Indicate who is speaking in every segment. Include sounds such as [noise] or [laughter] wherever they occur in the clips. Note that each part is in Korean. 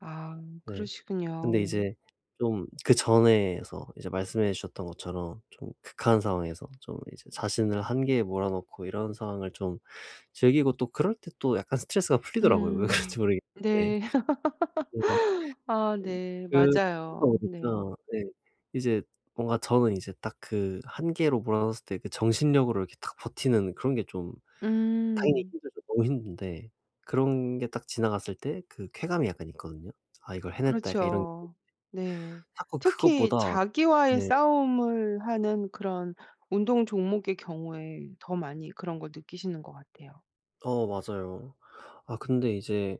Speaker 1: 아
Speaker 2: 네. 근데
Speaker 1: 그러시군요.
Speaker 2: 이제 좀 그전에서 이제 말씀해 주셨던 것처럼 좀 극한 상황에서 좀 이제 자신을 한계에 몰아 넣고 이런 상황을 좀 즐기고 또 그럴 때 또 약간 스트레스가 풀리더라고요, 왜 그런지
Speaker 1: 음.
Speaker 2: 모르겠는데.
Speaker 1: 네.
Speaker 2: 네.
Speaker 1: [laughs] 아 네
Speaker 2: 그 [unintelligible]
Speaker 1: 맞아요. 네.
Speaker 2: 보니까 네. 이제 뭔가 저는 이제 딱 그 한계로 몰아 넣었을 때 그 정신력으로 이렇게 딱 버티는 그런 게 좀 당연히
Speaker 1: 음.
Speaker 2: 힘들죠, 너무 힘든데 그런 게 딱 지나갔을 때 그 쾌감이 약간 있거든요. '아 이걸 해냈다.' 약간 이런 게 있는데
Speaker 1: 그렇죠. 네.
Speaker 2: 자꾸
Speaker 1: 특히
Speaker 2: 그것보다
Speaker 1: 자기와의
Speaker 2: 네.
Speaker 1: 싸움을 하는 그런 운동 종목의 경우에 더 많이 그런 걸 느끼시는 것 같아요.
Speaker 2: 어 맞아요. 아 근데 이제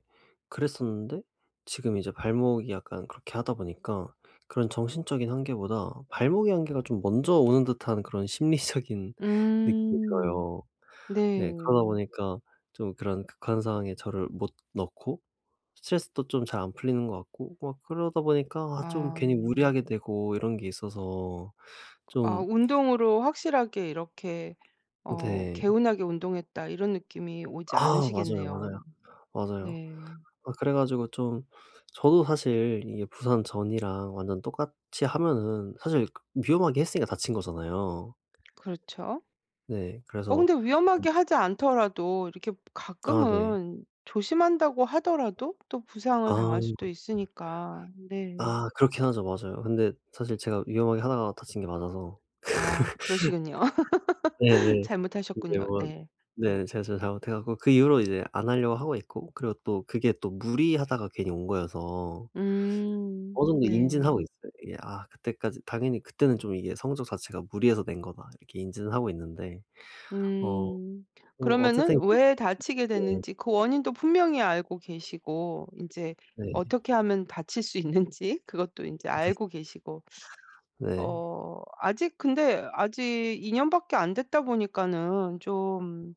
Speaker 2: 그랬었는데 지금 이제 발목이 약간 그렇게 하다 보니까 그런 정신적인 한계보다 발목의 한계가 좀 먼저 오는 듯한 그런 심리적인 느낌이
Speaker 1: 음
Speaker 2: 들어요.
Speaker 1: 네.
Speaker 2: 네 그러다 보니까 좀 그런 극한 상황에 저를 못 넣고 스트레스도 좀 잘 안 풀리는 것 같고 막 그러다 보니까 아 좀
Speaker 1: 아.
Speaker 2: 괜히 무리하게 되고 이런 게 있어서
Speaker 1: 아
Speaker 2: 좀
Speaker 1: 운동으로 확실하게 이렇게 어
Speaker 2: 네.
Speaker 1: '개운하게 운동했다.' 이런 느낌이 오지
Speaker 2: 아 맞아요,
Speaker 1: 않으시겠네요.
Speaker 2: 맞아요. 맞아요.
Speaker 1: 네.
Speaker 2: 아 그래 가지고 좀 저도 사실 이게 부상 전이랑 완전 똑같이 하면은 사실 위험하게 했으니까 다친 거잖아요.
Speaker 1: 그렇죠.
Speaker 2: 네
Speaker 1: 어
Speaker 2: 그래서
Speaker 1: 근데
Speaker 2: 좀
Speaker 1: 위험하게 하지 않더라도 이렇게
Speaker 2: 아 네.
Speaker 1: 가끔은 조심한다고 하더라도 또 부상을
Speaker 2: 아.
Speaker 1: 당할 수도 있으니까. 네.
Speaker 2: 아 그렇긴 하죠. 맞아요. 근데 사실 제가 위험하게 하다가 다친 게 맞아서.
Speaker 1: 아 그러시군요.
Speaker 2: [laughs]
Speaker 1: [laughs]
Speaker 2: 네네. 근데
Speaker 1: 잘못하셨군요.
Speaker 2: 뭐
Speaker 1: 네.
Speaker 2: 네. 제 제가 잘못해 가지고 그 이후로 이제 안 하려고 하고 있고 그리고 또 그게 또 무리하다가 괜히 온 거여서
Speaker 1: 음.
Speaker 2: 어느 정도
Speaker 1: 네.
Speaker 2: 인지는 하고 있어요. 이게 아 그때까지 당연히 그때는 좀 이게 성적 자체가 '무리해서 낸 거다.' 이렇게 인지는 하고 있는데 어
Speaker 1: 음.
Speaker 2: 뭐
Speaker 1: 그러면은
Speaker 2: 어쨌든
Speaker 1: 왜 다치게
Speaker 2: [unintelligible]
Speaker 1: 됐는지 그 원인도 분명히 알고 계시고 인제
Speaker 2: 네.
Speaker 1: 어떻게 하면 다칠 수 있는지 그것도 인제
Speaker 2: [laughs]
Speaker 1: 알고 계시고
Speaker 2: 네.
Speaker 1: 어 아직 근데 아직 2 년밖에 안 됐다 보니까는 좀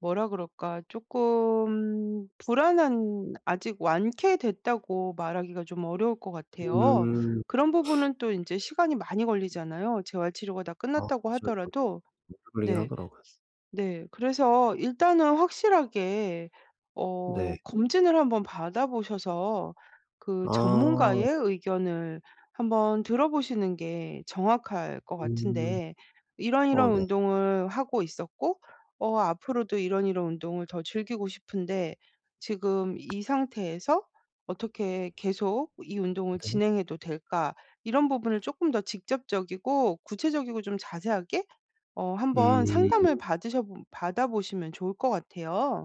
Speaker 1: 뭐라 그럴까 쪼끔 불안한 아직 완쾌됐다고 말하기가 좀 어려울 것 같아요.
Speaker 2: 음.
Speaker 1: 그런
Speaker 2: [sucks teeth]
Speaker 1: 부분은 또 인제 시간이 많이 걸리잖아요, 재활 치료가 다
Speaker 2: 아
Speaker 1: 끝났다고
Speaker 2: 맞아요,
Speaker 1: 하더라도.
Speaker 2: 맞아요. [unintelligible]
Speaker 1: 네.
Speaker 2: 하더라고요.
Speaker 1: 네. 그래서 일단은 확실하게 어
Speaker 2: 네.
Speaker 1: 검진을 한번 받아 보셔서 그
Speaker 2: 아.
Speaker 1: 전문가의 의견을 한번 들어보시는 게 정확할 것
Speaker 2: 음.
Speaker 1: 같은데 "이런
Speaker 2: 어
Speaker 1: 이런
Speaker 2: 네.
Speaker 1: 운동을 하고 있었고 어 앞으로도 이런 이런 운동을 더 즐기고 싶은데 지금 이 상태에서 어떻게 계속 이 운동을
Speaker 2: 네.
Speaker 1: 진행해도 될까." 이런 부분을 조금 더 직접적이고 구체적이고 좀 자세하게 어 한번 상담을
Speaker 2: 음.
Speaker 1: 받으셔봄 받아보시면 좋을 것 같아요.